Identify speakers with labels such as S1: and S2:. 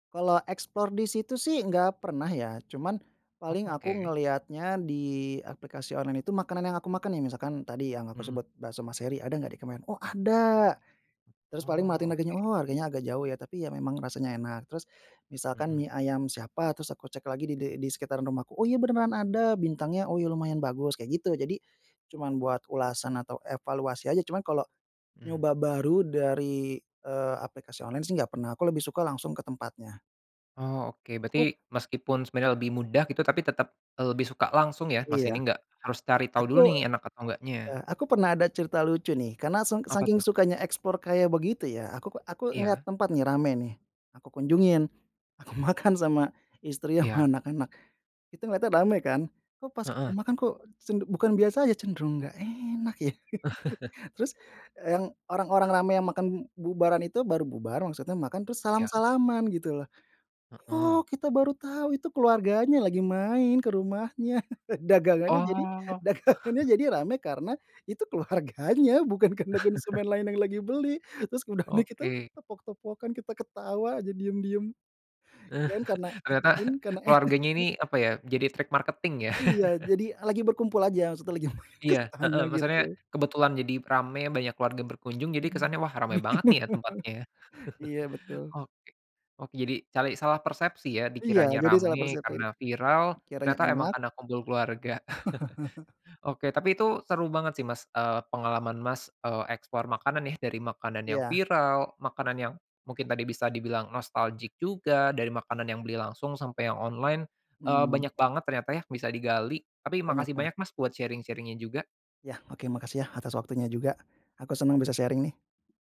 S1: Kalau explore di situ sih, nggak pernah ya. Cuman,
S2: Oh
S1: paling aku
S2: oke.
S1: ngelihatnya di aplikasi online itu, makanan yang aku makan nih, misalkan tadi yang aku
S2: Mhm.
S1: sebut, Bakso Mas Hery, "Ada nggak di komen?" "Oh ada." Terus paling
S2: Oh
S1: merhatiin harganya,
S2: oke.
S1: "Oh, harganya agak jauh ya, tapi ya memang rasanya enak." Terus misalkan
S2: Mhm.
S1: mie ayam siapa, terus aku cek lagi de di sekitaran rumahku, "Oh iya, beneran ada, bintangnya oh lumayan bagus," kayak gitu. Jadi, cuman buat ulasan atau evaluasi aja, cuman kalau
S2: Mmm.
S1: nyoba baru dari, eee, aplikasi online sih, nggak pernah. Aku lebih suka langsung ke tempatnya.
S2: Oh, oke. Berarti,
S1: Aku
S2: meskipun sebenarnya lebih mudah gitu, tapi tetep, eee, lebih suka langsung ya? Mas, ini
S1: Iya.
S2: nggak harus cari tahu
S1: Aku
S2: dulu nih, enak atau enggaknya.
S1: eh, aku pernah ada cerita lucu nih. Karena seng
S2: Apa
S1: saking
S2: tuh?
S1: sukanya explore kayak begitu ya, aku k aku ngelihat
S2: Iya.
S1: tempat nih, rame nih. Aku kunjungin, aku makan sama istri, sama
S2: Iya.
S1: anak-anak, itu ngelihatnya rame kan. Kok pas kita
S2: Heeh.
S1: makan kok, sen bukan biasa aja, cenderung nggak enak ya. Terus e yang orang-orang rame, yang makan bubaran itu, baru bubar, maksudnya makan terus
S2: Ya.
S1: salam-salaman gitu loh.
S2: Heeh.
S1: Oh, kita baru tahu, itu keluarganya lagi main ke rumahnya. Dagangannya jadi
S2: Oh.
S1: dagangannya jadi rame karena itu keluarganya, bukan karena konsumen lain yang lagi beli. Terus udahnya gitu,
S2: Oke.
S1: tepok-tepokan, kita ketawa aja diem-diem. Kirain karena kita
S2: Ternyata,
S1: kirain karena
S2: keluarganya ini
S1: enak.
S2: apa ya, jadi trik marketing ya?
S1: Iya, jadi lagi berkumpul aja. Maksudnya lagi main ke
S2: Iya, heeh.
S1: sana
S2: Masalahnya
S1: gitu.
S2: kebetulan jadi ramai, banyak keluarga berkunjung, jadi kesannya, wah ramai banget nih ya, tempatnya.
S1: Iya betul.
S2: Oke. Oh, jadi cali salah persepsi ya?
S1: Iya,
S2: Dikiranya
S1: jadi saya
S2: ramai
S1: persepsi,
S2: karena viral,
S1: dikiranya
S2: ternyata emang
S1: enak
S2: kena kumpul keluarga. Oke, tapi itu seru banget sih, Mas, eee, pengalaman Mas, eee, explore makanan ya, dari makanan yang
S1: Iya.
S2: viral, makanan yang mungkin tadi bisa dibilang nostalgic juga, dari makanan yang beli langsung sampai yang online. Eee,
S1: Hmm.
S2: banyak banget ternyata ya, bisa digali. Tapi
S1: Banyak
S2: makasih
S1: banyak.
S2: banyak Mas, buat sharing-sharing-nya juga.
S1: Iya. Oke, makasih ya, atas waktunya juga, aku senang bisa sharing nih.